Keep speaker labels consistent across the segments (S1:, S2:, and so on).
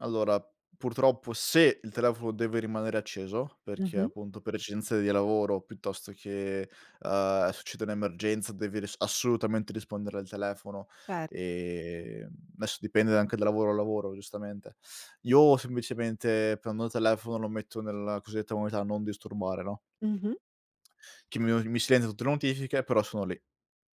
S1: Allora purtroppo se il telefono deve rimanere acceso, perché
S2: Mh-mh.
S1: appunto per esigenze di lavoro piuttosto che, ehm, succede un'emergenza devi ris assolutamente rispondere al telefono
S2: Cer
S1: e adesso dipende anche da lavoro a lavoro giustamente. Io semplicemente prendo il telefono lo metto nella cosiddetta modalità non disturbare, no?
S2: Mh-mh.
S1: Che mi u mi si silenzia tutte le notifiche però sono lì,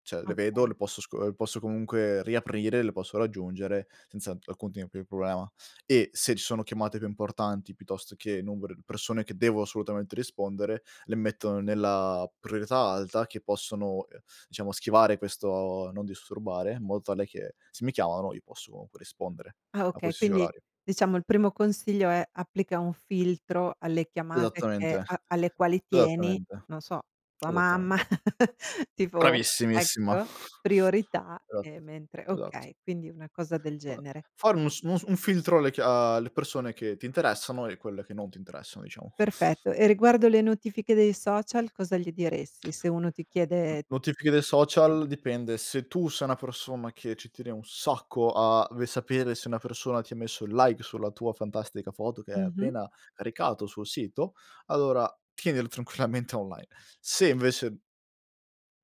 S1: cioè le vedo,
S2: Okay.
S1: le posso sco le posso comunque riaprire, le posso raggiungere senza alcun tipo di problema. E se ci sono chiamate più importanti, piuttosto che numeri di persone che devo assolutamente rispondere, le mettono nella priorità alta che possono, ehm, diciamo schivare questo non disturbare, in modo tale che se mi chiamano io posso rispondere
S2: Ah
S1: a
S2: okay,
S1: qualsiasi
S2: quindi
S1: orario.
S2: diciamo il primo consiglio, è applica un filtro alle chiamate
S1: Esattamente,
S2: che a alle quali tieni,
S1: esattamente,
S2: non so, tua mamma,
S1: esattamente.
S2: tipo
S1: Bravissimissima.
S2: ecco, priorità e
S1: Esatto,
S2: mentre
S1: esatto.
S2: okay, quindi una cosa del
S1: Fa
S2: genere.
S1: fare uno sm un filtro alle chia ehm, alle persone che ti interessano e quelle che non ti interessano, diciamo.
S2: Perfetto, e riguardo le notifiche dei social cosa gli diresti se uno ti
S1: N
S2: chiede
S1: notifiche dei
S2: Mh.
S1: social dipende se tu sei una persona che ci tieni un sacco a ve sapere se una persona ti ha messo il like sulla tua fantastica foto che hai
S2: Mh-mh.
S1: appena caricato sul sito, allora tienile tranquillamente online. Se invece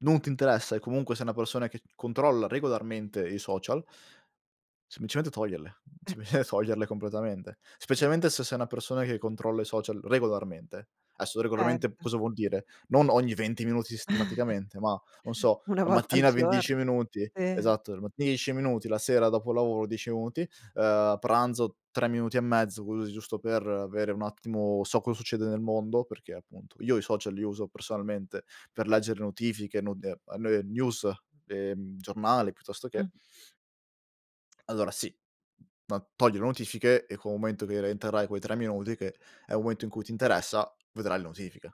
S1: non ti interessa e comunque sei una persona che c controlla regolarmente i social semplicemente toglierle,
S2: Eh.
S1: sempl toglierle completamente. Specialmente se sei una persona che controlla i social regolarmente. Adesso regolarmente
S2: Certo.
S1: cosa vuol dire? Non ogni venti minuti sistematicamente, ma non so
S2: Una
S1: la
S2: volta al
S1: mattina ve 10
S2: giorno.
S1: minuti,
S2: Sì.
S1: esatto, e 10 minuti, la sera dopo lavoro 10 minuti, ehm, pranzo 3 minuti e mezzo così giusto per avere un attimo, so cosa succede nel mondo, perché appunto io i social li uso personalmente per leggere notifiche, no [unintelligible] eh news, ehm, giornale piuttosto che
S2: Mh.
S1: Allora sì, no, togli le notifiche e con un momento che rientrerai quei 3 minuti che è un momento in cui ti interessa vedrai le notifiche.